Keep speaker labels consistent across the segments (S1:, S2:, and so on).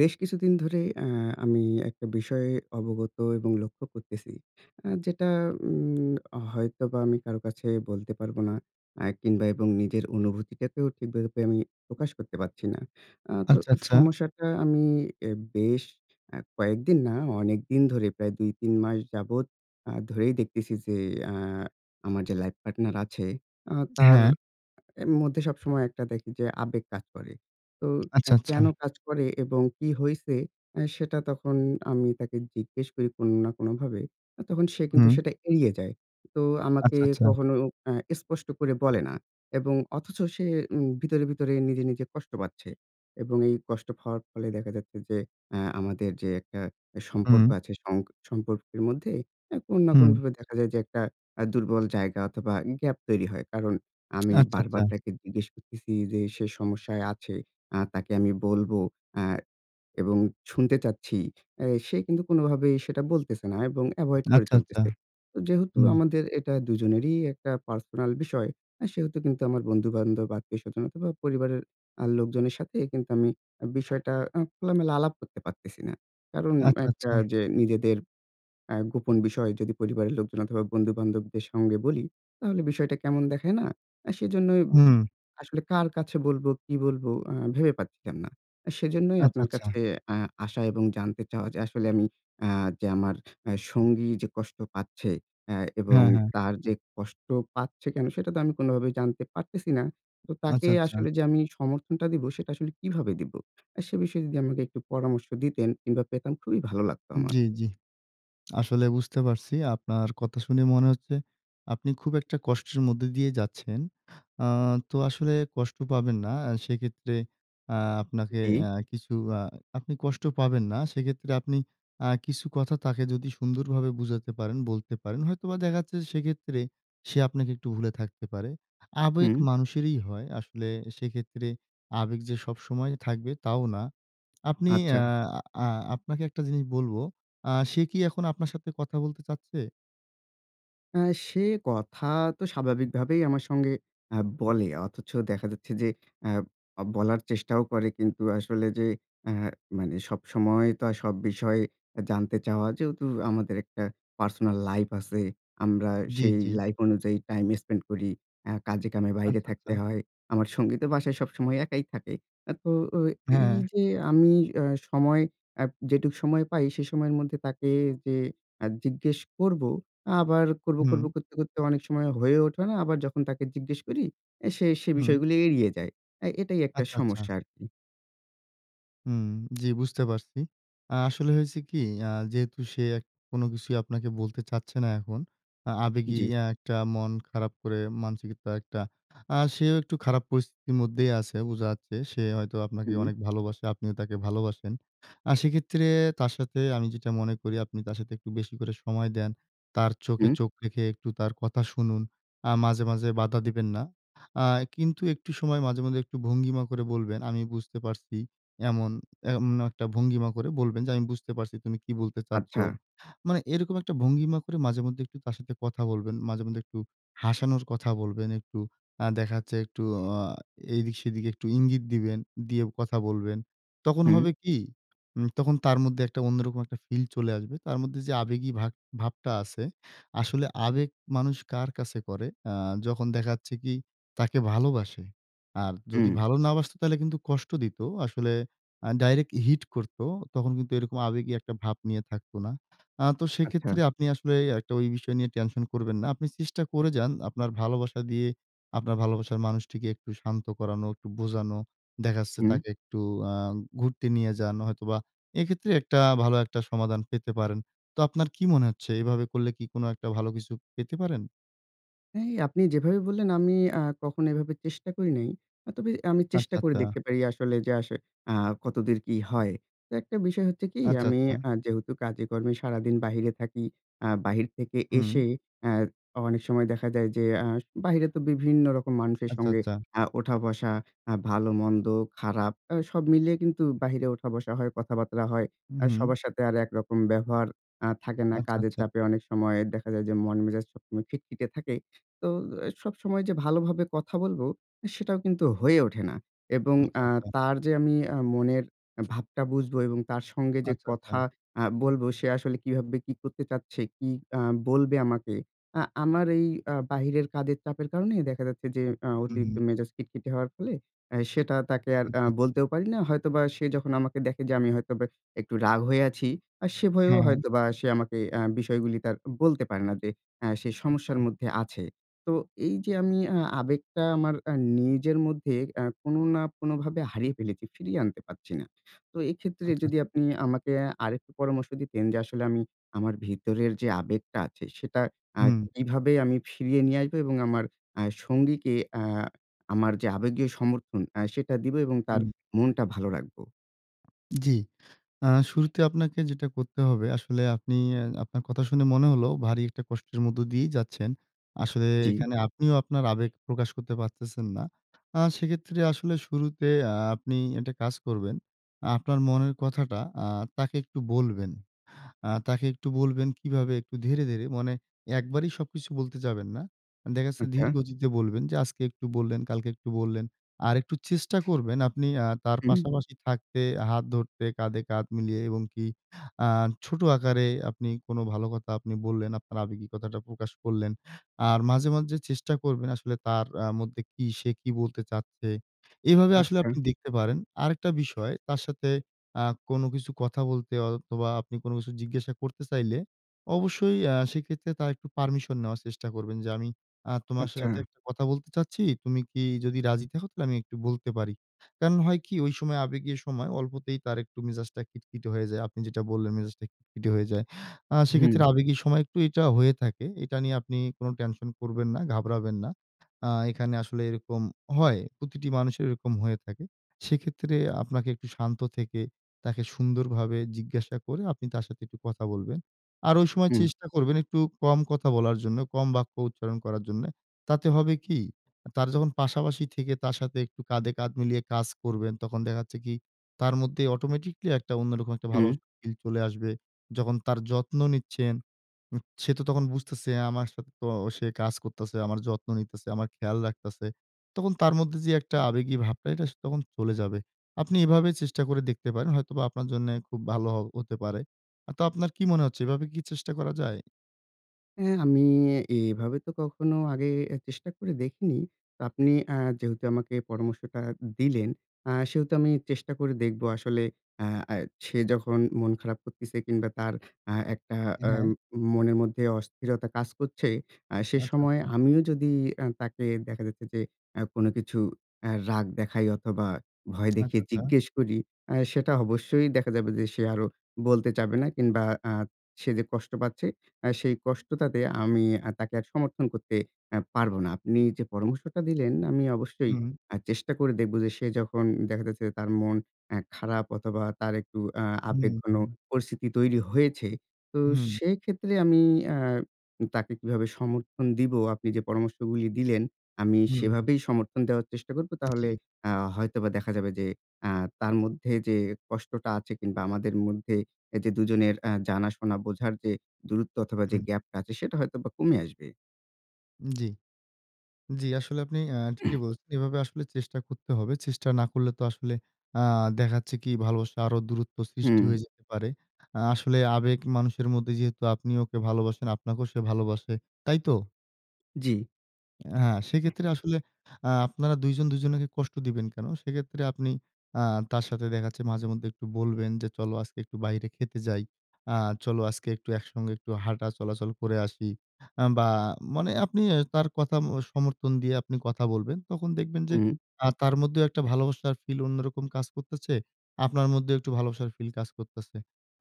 S1: বেশ কিছুদিন ধরে আ আমি একটা বিষয়ে অবগত এবং লক্ষ্য করতেছি। অ্যাঁ যেটা উম হয়তোবা আমি কারো কাছে বলতে পারবো না। আ কিংবা এবং নিজের অনুভূতিটাকেও ঠিকভাবে আমি প্রকাশ করতে পারছি না। আ তো
S2: আচ্ছা, আচ্ছা।
S1: সমস্যাটা আমি বেশ আ কয়েকদিন না অনেকদিন ধরে প্রায় ২, ৩ মাস যাবৎ আ ধরেই দেখতেছি যে আ আমার যে লাইফ পার্টনার আছে, আ তার
S2: [unintelligible]
S1: এ মধ্যে সবসময় একটা দেখি যে আবেগ কাজ করে। তো
S2: আচ্ছা,
S1: কেন
S2: আচ্ছা।
S1: কাজ করে এবং কি হইছে? এ সেটা তখন আমি তাকে জিজ্ঞেস করি কোনো না কোনোভাবে। আ তখন সে কিন্তু
S2: হুম।
S1: সেটা এড়িয়ে যায়। তো আমাকে
S2: আচ্ছা, আচ্ছা।
S1: কখনো আ স্পষ্ট করে বলে না এবং অথচ সে উম ভিতরে, ভিতরে নিজে, নিজে কষ্ট পাচ্ছে। এবং এই কষ্ট হওয়ার ফলে দেখা যাচ্ছে যে আ আমাদের যে একটা এ সম্পর্ক
S2: হুম।
S1: আছে, সং সম্পর্কের মধ্যে এ কোনো না
S2: হুম।
S1: কোনোভাবে দেখা যায় যে একটা আ দুর্বল জায়গা অথবা, গ্যাপ তৈরি হয়। কারণ আমি
S2: আচ্ছা, আচ্ছা।
S1: বারবার তাকে জিজ্ঞেস করতেছি যে সে সমস্যায় আছে, আ তাকে আমি বলবো। অ্যাঁ এবং শুনতে চাচ্ছি। এ সে কিন্তু কোনভাবেই সেটা বলতেছে না এবং এভয়েড করে
S2: আচ্ছা, আচ্ছা।
S1: চলতেছে। তো যেহেতু
S2: হুম।
S1: আমাদের এটা দুজনেরই একটা পার্সোনাল বিষয়। আ সেহেতু কিন্তু আমার বন্ধু-বান্ধব, আত্মীয় স্বজনতা অথবা, পরিবারের আ লোকজনের সাথে কিন্তু আমি বিষয়টা আ খোলামেলা আলাপ করতে পারতেছি না। কারণ
S2: আচ্ছা,
S1: একটা
S2: আচ্ছা।
S1: যে নিজেদের অ্যাঁ গোপন বিষয় যদি পরিবারের লোকজন অথবা বন্ধু-বান্ধবদের সঙ্গে বলি, তাহলে বিষয়টা কেমন দেখায় না? সেজন্যই
S2: হুম।
S1: আসলে কার কাছে বলবো? কি বলবো? আ ভেবে পাচ্ছিলাম না। সেজন্যই
S2: আচ্ছা,
S1: আপনার
S2: আচ্ছা।
S1: কাছে অ্যা আসা এবং জানতে চাওয়া যে আসলে আমি আ যে আমার এ সঙ্গী যে কষ্ট পাচ্ছে এবং অ্যা
S2: [unintelligible]
S1: তার যে কষ্ট পাচ্ছে কেন? সেটা তো আমি কোনভাবেই জানতে পারতেছি না। তো তাকে
S2: আচ্ছা, আচ্ছা।
S1: আসলে যে আমি সমর্থনটা দিবো সেটা আসলে কিভাবে দিবো? এ সে বিষয়ে যদি আমাকে একটু পরামর্শ দিতেন কিংবা পেতাম খুবই ভালো লাগতো আমার।
S2: জি, জি। আসলে বুঝতে পারছি। আপনার কথা শুনে মনে হচ্ছে আপনি খুব একটা কষ্টের মধ্যে দিয়ে যাচ্ছেন। আ তো আসলে কষ্ট পাবেন না। সেক্ষেত্রে আ আপনাকে
S1: জি।
S2: আ কিছু আ আপনি কষ্ট পাবেন না। সেক্ষেত্রে আপনি আ কিছু কথা তাকে যদি সুন্দরভাবে বুঝাতে পারেন, বলতে পারেন। হয়তোবা দেখা যাচ্ছে সেক্ষেত্রে সে আপনাকে একটু ভুলে থাকতে পারে। আবেগ
S1: হুম।
S2: মানুষেরই হয়। আসলে সেক্ষেত্রে আবেগ যে সবসময় থাকবে, তাও না। আপনি আ
S1: আচ্ছা।
S2: আ আপনাকে একটা জিনিস বলবো আ সে কি এখন আপনার সাথে কথা বলতে চাচ্ছে?
S1: আ সে কথা তো স্বাভাবিকভাবেই আমার সঙ্গে আ বলে। অথচ দেখা যাচ্ছে যে আ আ বলার চেষ্টাও করে, কিন্তু আসলে যে আ মানে সবসময় তো সব বিষয়ে এ জানতে চাওয়া যেহেতু আমাদের একটা পার্সোনাল লাইফ আছে আমরা
S2: জি,
S1: সেই
S2: জি।
S1: লাইফ অনুযায়ী টাইম স্পেন্ড করি। অ্যাঁ কাজে-কামে বাইরে
S2: আচ্ছা, আচ্ছা।
S1: থাকতে হয়। আমার সঙ্গী তো বাসায় সবসময় একাই থাকে। এখন তো অ এই
S2: হ্যাঁ।
S1: যে আমি আ সময় আ যেটুকু সময় পাই, সে সময়ের মধ্যে তাকে যে আ জিজ্ঞেস করবো, আবার করব,
S2: হুম।
S1: করব করতে, করতে অনেক সময় হয়ে ওঠে না। আবার যখন তাকে জিজ্ঞেস করি, সে, সে
S2: হুম।
S1: বিষয়গুলো এড়িয়ে যায়। এ এটাই একটা
S2: আচ্ছা, আচ্ছা।
S1: সমস্যা, আর কি।
S2: হুম, জি, বুঝতে পারছি। আ আসলে হয়েছে কি আ যেহেতু সে কোনো কিছুই আপনাকে বলতে চাচ্ছে না, এখন আ আবেগী
S1: জি।
S2: এ একটা মন খারাপ করে মানসিকতা একটা আ সেও একটু খারাপ পরিস্থিতির মধ্যেই আছে, বোঝা যাচ্ছে। সে হয়তো আপনাকে
S1: হুম।
S2: অনেক ভালোবাসে, আপনিও তাকে ভালোবাসেন। আর সেক্ষেত্রে তার সাথে আমি যেটা মনে করি, আপনি তার সাথে একটু বেশি করে সময় দেন। তার চোখে,
S1: হু।
S2: চোখ রেখে একটু তার কথা শুনুন। আ মাঝে, মাঝে বাধা দিবেন না। আ কিন্তু একটু সময় মাঝে, মাঝে একটু ভঙ্গিমা করে বলবেন, "আমি বুঝতে পারছি।" এমন এমন একটা ভঙ্গিমা করে বলবেন যে, "আমি বুঝতে পারছি তুমি কি বলতে চাচ্ছ।"
S1: আচ্ছা।
S2: মানে এরকম একটা ভঙ্গিমা করে মাঝেমধ্যে একটু তার সাথে কথা বলবেন। মাঝেমধ্যে একটু হাসানোর কথা বলবেন, একটু আ দেখা যাচ্ছে একটু আ এদিক-সেদিক একটু ইঙ্গিত দিবেন, দিয়ে কথা বলবেন। তখন
S1: হু।
S2: হবে কি? উম তখন তার মধ্যে একটা অন্যরকম একটা ফিল চলে আসবে। তার মধ্যে, যে আবেগী ভাব ভাবটা আছে, আসলে আবেগ মানুষ কার কাছেই করে, অ্যাঁ যখন দেখা যাচ্ছে কি তাকে ভালোবাসে। আর যদি
S1: হুম।
S2: ভালো না বাসত, তাহলে কিন্তু কষ্ট দিত। আসলে আ ডাইরেক্ট হিট করতো। তখন কিন্তু এরকম আবেগী একটা ভাব নিয়ে থাকত না। অ্যাঁ তো সেক্ষেত্রে
S1: আচ্ছা।
S2: আপনি আসলে ঐ একটা ঐ বিষয় নিয়ে টেনশন করবেন না। আপনি চেষ্টা করে যান আপনার ভালোবাসা দিয়ে আপনার ভালোবাসার মানুষটিকে একটু শান্ত করানো, একটু বোঝানো। দেখা যাচ্ছে,
S1: হুম।
S2: তাকে একটু আ ঘুরতে নিয়ে যান হয়তোবা এক্ষেত্রে একটা ভালো একটা সমাধান পেতে পারেন। তো আপনার কি মনে হচ্ছে, এভাবে করলে কি কোনো একটা ভালো কিছু পেতে পারেন?
S1: হ্যাঁ, আপনি যেভাবে বললেন, আমি আ কখনো এভাবে চেষ্টা করি নাই। আ তবে আমি
S2: আচ্ছা,
S1: চেষ্টা করে
S2: আচ্ছা।
S1: দেখতে পারি, আসলে যে অ্যাস আ কতদূর কি হয়। তো একটা বিষয় হচ্ছে কি?
S2: আচ্ছা,
S1: আমি
S2: আচ্ছা।
S1: আ যেহেতু কাজে কর্মে সারাদিন বাহিরে থাকি, আ বাহির থেকে
S2: হুম।
S1: এসে অ্যা অনেক সময় দেখা যায় যে, আ বাহিরে তো বিভিন্ন রকম মানুষের
S2: আচ্ছা,
S1: সঙ্গে,
S2: আচ্ছা।
S1: আ উঠা-বসা আ ভালো-মন্দ, খারাপ অ্যা সব মিলিয়ে কিন্তু বাহিরে উঠা-বসা হয়, কথাবার্তা হয়। আ
S2: উহুম।
S1: সবার সাথে আর একরকম ব্যবহার আ থাকে না।
S2: আচ্ছা,
S1: কাজের
S2: আচ্ছা।
S1: চাপে অনেক সময় দেখা যায়, যে মন-মেজাজ সবসময় খিটখিটে থাকে। তো অ্যা সবসময় যে ভালোভাবে এ কথা বলবো, সেটাও কিন্তু হয়ে ওঠে না। এবং
S2: আচ্ছা,
S1: আ
S2: আচ্ছা।
S1: তার যে আমি অ্যা মনের আ ভাবটা বুঝবো, এবং তার সঙ্গে যে
S2: আচ্ছা, আচ্ছা।
S1: কথা আ বলবো, সে আসলে কীভাবে কি করতে চাচ্ছে, কি অ্যা বলবে আমাকে। আ আমার এই আ বাহিরের কাজের চাপের কারণেই, দেখা যাচ্ছে যে, আ
S2: হু হুম,
S1: অতিরিক্ত
S2: হুম।
S1: মেজাজ খিটখটি হওয়ার ফলে, অ্যা সেটা তাকে আর আ
S2: আচ্ছা, আচ্ছা।
S1: বলতেও পারি না। হয়তোবা সে যখন আমাকে দেখে, যে আমি হয়তোবা একটু রাগ হয়ে আছি, আ সে ভয়েও
S2: হ্যাঁ।
S1: হয়তোবা সে আমাকে অ্যা বিষয়গুলিকে আর বলতে পারে না। যে অ্যা সে সমস্যার
S2: আচ্ছা।
S1: মধ্যে আছে। তো এই যে আমি আ আবেগটা আমার আ নিজের মধ্যে আ কোনো না কোনোভাবে হারিয়ে ফেলেছি, ফিরিয়ে আনতে পাচ্ছি না। তো এইক্ষেত্রে
S2: আচ্ছা,
S1: যদি
S2: আচ্ছা।
S1: আপনি আমাকে আরেকটু পরামর্শ দিতেন, যে আসলে আমি আমার ভিতরের যে আবেগটা আছে, সেটা আ
S2: হুম।
S1: কিভাবে আমি ফিরিয়ে নিয়ে আসবো? এবং আমার আ সঙ্গীকে আ আমার যে আবেগীয় সমর্থন, আ সেটা দিব? এবং তার
S2: হুম।
S1: মনটা ভালো রাখবো?
S2: জ্বি। আ শুরুতে আপনাকে যেটা করতে হবে, আসলে আপনি এ আপনার কথা শুনে মনে হলো ভারী একটা কষ্টের মধ্যে দিয়েই যাচ্ছেন। আসলে
S1: জ্বি।
S2: এখানে আপনিও আপনার আবেগ প্রকাশ করতে পারতেছেন না। আ সেক্ষেত্রে আসলে শুরুতে আ আপনি একটা কাজ করবেন। আপনার মনের কথাটা আ তাকে একটু বলবেন। আ তাকে একটু বলবেন কিভাবে? একটু ধীরে, ধীরে মানে একবারই সবকিছু বলতে যাবেন না। দেখা গেছে
S1: আচ্ছা।
S2: ধীরগতিতে বলবেন যে আজকে একটু বললেন, কালকে একটু বললেন। আরেকটু চেষ্টা করবেন আপনি আ তার
S1: হু।
S2: পাশাপাশি থাকতে, হাত ধরতে, কাঁধে কাঁধ মিলিয়ে এবং কি আ ছোট আকারে আপনি কোন ভালো কথা আপনি বললেন, আপনার আবেগী কথাটা প্রকাশ করলেন। আর মাঝে, মাঝে চেষ্টা করবেন আসলে তার আ মধ্যে কি সে কি বলতে চাচ্ছে? এভাবে আসলে
S1: আচ্ছা।
S2: আপনি দেখতে পারেন। আরেকটা বিষয় তার সাথে আ কোন কিছু কথা বলতে অথবা, আপনি কোন কিছু জিজ্ঞাসা করতে চাইলে, অবশ্যই অ্যাঁ সেক্ষেত্রে তার একটু পারমিশন নেওয়ার চেষ্টা করবেন। "যে, আমি আ তোমার সাথে
S1: আচ্ছা।
S2: একটা কথা বলতে চাচ্ছি, তুমি কি যদি রাজি থাকো তাহলে আমি একটু বলতে পারি।" কারণ হয় কি? ঐ সময় আবেগী সময় অল্পতেই তার একটু মেজাজটা খিটকিটে হয়ে যায়। আপনি যেটা বললেন মেজাজটা খিটখিটে হয়ে যায়। আ সেক্ষেত্রে
S1: হু।
S2: আবেগী সময় একটু এটা হয়ে থাকে। এটা নিয়ে আপনি কোন টেনশন করবেন না, ঘাবড়াবেন না। আ এখানে আসলে এরকম হয়। প্রতিটি মানুষের এরকম হয়ে থাকে। সেক্ষেত্রে আপনাকে একটু শান্ত থেকে তাকে সুন্দরভাবে জিজ্ঞাসা করে আপনি তার সাথে একটু কথা বলবেন। আর ঐ সময়
S1: হুম।
S2: চেষ্টা করবেন একটু কম কথা বলার জন্য, কম বাক্য উচ্চারণ করার জন্যে। তাতে হবে কি? তার যখন পাশাপাশি থেকে তার সাথে একটু কাঁধে কাঁধ মিলিয়ে কাজ করবেন, তখন দেখা যাচ্ছে কি? তার মধ্যে অটোমেটিক্যালি একটা অন্যরকম একটা ভালো
S1: হু।
S2: ফিল চলে আসবে। যখন তার যত্ন নিচ্ছেন, উ সে তো তখন বুঝতেছে আমার সাথে তো সে কাজ করতেছে, আমার যত্ন নিতেছে, আমার খেয়াল রাখতেছে। তখন তার মধ্যে যে একটা আবেগী ভাবটা, এটা সে তখন চলে যাবে। আপনি এভাবে চেষ্টা করে দেখতে পারেন, হয়তোবা আপনার জন্য খুব ভালো হ হতে পারে। অ তো আপনার কি মনে হচ্ছে? এভাবে কি চেষ্টা করা যায়?
S1: হ্যাঁ, আমি এভাবে তো কখনো আগে এ চেষ্টা করে দেখিনি। আপনি অ্যা যেহেতু আমাকে পরামর্শটা দিলেন, অ্যা সেহেতু আমি চেষ্টা করে দেখবো আসলে অ্যা এ সে যখন মন খারাপ করতেছে কিংবা তার অ্যা একটা অ্যা
S2: হ্যাঁ।
S1: মনের মধ্যে অস্থিরতা কাজ করছে। অ্যা সে
S2: আচ্ছা,
S1: সময়
S2: আচ্ছা।
S1: আমিও যদি অ্যা তাকে দেখা যাচ্ছে যে অ্যা কোন কিছু অ্যা রাগ দেখাই অথবা, ভয়
S2: আচ্ছা,
S1: দেখিয়ে
S2: আচ্ছা।
S1: জিজ্ঞেস করি, অ্যা সেটা অবশ্যই দেখা যাবে যে সে আরো বলতে চাবে না, কিংবা অ্যা সে যে কষ্ট পাচ্ছে, অ্যা সেই কষ্টটাতে আমি আর তাকে সমর্থন করতে অ্যা পারবো না। আপনি যে পরামর্শটা দিলেন আমি অবশ্যই
S2: উহু।
S1: অ্যা চেষ্টা করে দেখব যে সে যখন দেখা যাচ্ছে তার মন অ্যা খারাপ অথবা, তার একটু অ্যা
S2: হু,
S1: আবেগঘন
S2: হু।
S1: পরিস্থিতি তৈরি হয়েছে। তো
S2: হুম।
S1: সেক্ষেত্রে আমি অ্যা তাকে কিভাবে সমর্থন দিবো? আপনি যে পরামর্শগুলো দিলেন আমি
S2: হু, হু।
S1: সেভাবেই সমর্থন দেওয়ার চেষ্টা করবো। তাহলে
S2: জি।
S1: অ্যা হয়তোবা দেখা যাবে যে, অ্যা তার মধ্যে যে কষ্টটা আছে, কিংবা আমাদের মধ্যে যে দুজনের অ্যা জানা-শোনা, বোঝার যে দূরত্ব অথবা, যে
S2: হুম।
S1: গ্যাপটা আছে সেটা হয়তোবা কমে আসবে।
S2: জি। জি, আসলে আপনি আ ঠিকই বলছেন। এভাবে আসলে চেষ্টা করতে হবে। চেষ্টা না করলে তো আসলে আ দেখা যাচ্ছে কি? ভালোবাসা আরো দূরত্ব সৃষ্টি
S1: হু।
S2: হয়ে যেতে পারে। আ আসলে আবেগ মানুষের মধ্যে যেহেতু আপনি ওকে ভালোবাসেন, আপনাকেও সে ভালবাসে। তাই তো?
S1: জি।
S2: হ্যাঁ, সেক্ষেত্রে আসলে আ আপনারা দুজন দুজনাকে কষ্ট দিবেন কেন? সেক্ষেত্রে আপনি আ তার সাথে দেখাচ্ছে মাঝে মধ্যে একটু বলবেন যে, চলো আজকে একটু বাইরে খেতে যাই। আ চলো আজকে একটু একসঙ্গে একটু হাঁটা চলাচল করে আসি। আ বা মানে আপনি এ তার কথা এ সমর্থন দিয়ে আপনি কথা বলবেন, তখন দেখবেন যে,
S1: হুম।
S2: আ তার মধ্যেও একটা ভালোবাসার ফিল অন্যরকম কাজ করতেছে। আপনার মধ্যেও একটু ভালোবাসার ফিল কাজ করতেছে।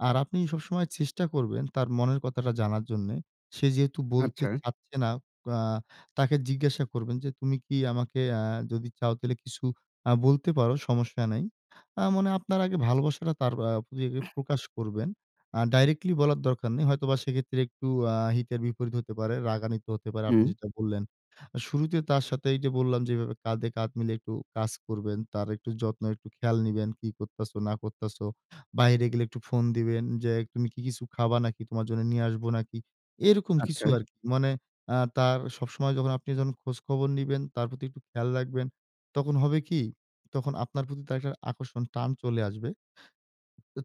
S2: আর আপনি সবসময় চেষ্টা করবেন, তার মনের কথাটা জানার জন্যে। সে যেহেতু বলতে
S1: আচ্ছা।
S2: চাচ্ছে না, আ তাকে জিজ্ঞাসা করবেন যে, "তুমি কি আমাকে আ যদি চাও তাহলে কিছু আ বলতে পারো, সমস্যা নাই।" আ মানে আপনার আগে ভালোবাসাটা তার আ প্রতি ইয়ে প্রকাশ করবেন। আ ডাইরেক্টলি বলার দরকার নেই। হয়তোবা সেক্ষেত্রে একটু আ হিতে বিপরীত হতে পারে, রাগান্বিত হতে পারে, আপনি
S1: হু।
S2: যেটা বললেন। শুরুতে তার সাথে এইযে বললাম যেভাবে কাঁধে কাঁধ মিলে একটু কাজ করবেন, তার একটু যত্ন, একটু খেয়াল নিবেন। "কি করতেছো না করতেছো?" বাইরে গেলে একটু ফোন দিবেন, "যে তুমি কি কিছু খাবা নাকি? তোমার জন্য নিয়ে আসবো নাকি?" এরকম কিছু
S1: আচ্ছা।
S2: আরকি। মানে আ তার সবসময় যখন আপনি যখন খোঁজখবর নিবেন, তার প্রতি একটু খেয়াল রাখবেন। তখন হবে কি? তখন আপনার প্রতি একটা আকর্ষণ, টান চলে আসবে।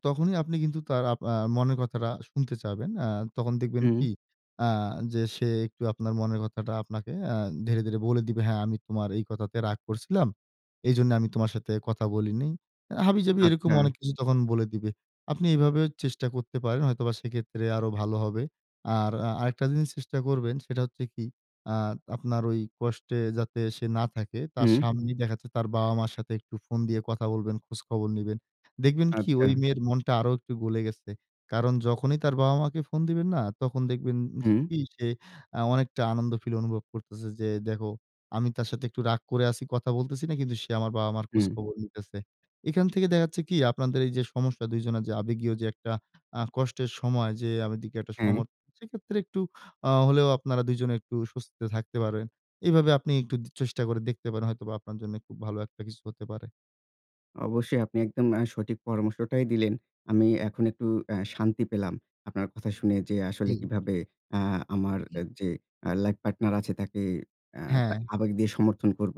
S2: তখনই আপনি কিন্তু তার আপ আ মনের কথাটা শুনতে চাবেন। আ তখন দেখবেন
S1: হুম।
S2: কি? আ যে সে একটু আপনার মনের কথাটা আপনাকে আ ধীরে, ধীরে বলে দিবে। "হ্যাঁ, আমি তোমার এই কথাতে রাগ করছিলাম। এইজন্য আমি তোমার সাথে কথা বলিনি।" আ হাবিজাবি এরকম
S1: আচ্ছা।
S2: অনেক কিছু তখন বলে দিবে। আপনি এভাবে চেষ্টা করতে পারেন হয়তোবা সেক্ষেত্রে আরো ভালো হবে। আর আ আরেকটা জিনিস চেষ্টা করবেন। সেটা হচ্ছে কি? আ আপনার ঐ কষ্টে যাতে সে না থাকে, তার
S1: হু।
S2: সামনেই দেখা যাচ্ছে তার বাবা-মার সাথে একটু ফোন দিয়ে কথা বলবেন, খোঁজখবর নিবেন। দেখবেন কি ঐ
S1: আচ্ছা।
S2: মেয়ের মনটা আরো একটু গলে গেছে। কারণ যখনই তার বাবা-মাকে ফোন দিবেন না? তখন দেখবেন
S1: হু।
S2: কি? সে আ অনেকটা আনন্দ ফিল অনুভব করতেছে। "যে দেখো আমি তার সাথে একটু রাগ করে আছি, কথা বলতেছি না, কিন্তু সে আমার বাবা-মার
S1: হুম।
S2: খোঁজখবর নিতেছে।" এখান থেকে দেখা যাচ্ছে কি? আপনাদের এইযে সমস্যা ২ জনের যে আবেগীয় যে একটা আ কষ্টের সময়। যে আমার দিকে একটা সম
S1: হ্যাঁ।
S2: সেক্ষেত্রে একটু আ হলেও আপনারা দুজনে একটু স্বস্তিতে থাকতে পারেন। এভাবে আপনি একটু টু চেষ্টা করে দেখতে পারেন। হয়তোবা আপনার জন্য খুব ভালো একটা কিছু হতে পারে।
S1: অবশ্যই আপনি একদম অ্যা সঠিক পরামর্শটাই দিলেন। আমি এখন একটু আ শান্তি পেলাম। আপনার কথা শুনে, যে আসলে
S2: জি।
S1: কিভাবে আ আমার
S2: জি।
S1: যে আ life partner আছে তাকে আ
S2: হ্যাঁ।
S1: আবেগ দিয়ে সমর্থন করব।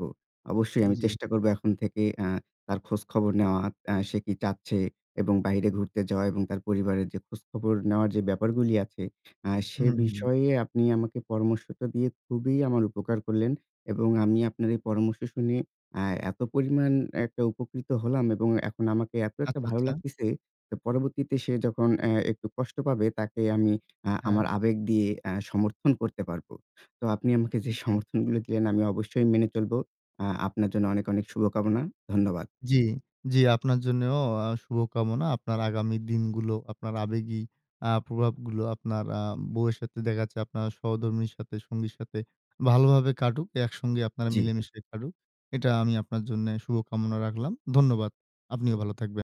S1: অবশ্যই আমি
S2: জি।
S1: চেষ্টা করব এখন থেকে আ তার খোঁজখবর নেওয়া, আ সে কি চাচ্ছে এবং বাইরে ঘুরতে যাওয়া এবং তার পরিবারের যে খোঁজখবর নেওয়ার যে ব্যাপারগুলি আছে। আ
S2: হুম,
S1: সে
S2: হুম।
S1: বিষয়ে আপনি আমাকে পরামর্শটা দিয়ে খুবই আমার উপকার করলেন এবং আমি আপনার এই পরামর্শ শুনে আ এত পরিমাণ একটা উপকৃত হলাম এবং এখন আমাকে এত একটা
S2: আচ্ছা,
S1: ভালো
S2: আচ্ছা।
S1: লাগতেছে তো পরবর্তীতে সে যখন, আ একটু কষ্ট পাবে, তাকে আমি আ আমার
S2: হ্যাঁ।
S1: আবেগ দিয়ে আ সমর্থন করতে পারবো। তো আপনি আমাকে যে
S2: জি।
S1: সমর্থনগুলো দিলেন আমি অবশ্যই মেনে চলবো। আ আপনার জন্য অনেক অনেক শুভকামনা। ধন্যবাদ।
S2: জি, জি আপনার জন্যও আ শুভকামনা। আপনার আগামী দিনগুলো আপনার আবেগী আ প্রভাবগুলো আপনার আ বউয়ের সাথে দেখা যাচ্ছে আপনার সহধর্মিণীর সাথে, সঙ্গীর সাথে ভালোভাবে কাটুক, একসঙ্গে আপনারা
S1: জি।
S2: মিলেমিশে কাটুক। এটা আমি আপনার জন্য শুভ কামনা রাখলাম। ধন্যবাদ। আপনিও ভালো থাকবেন।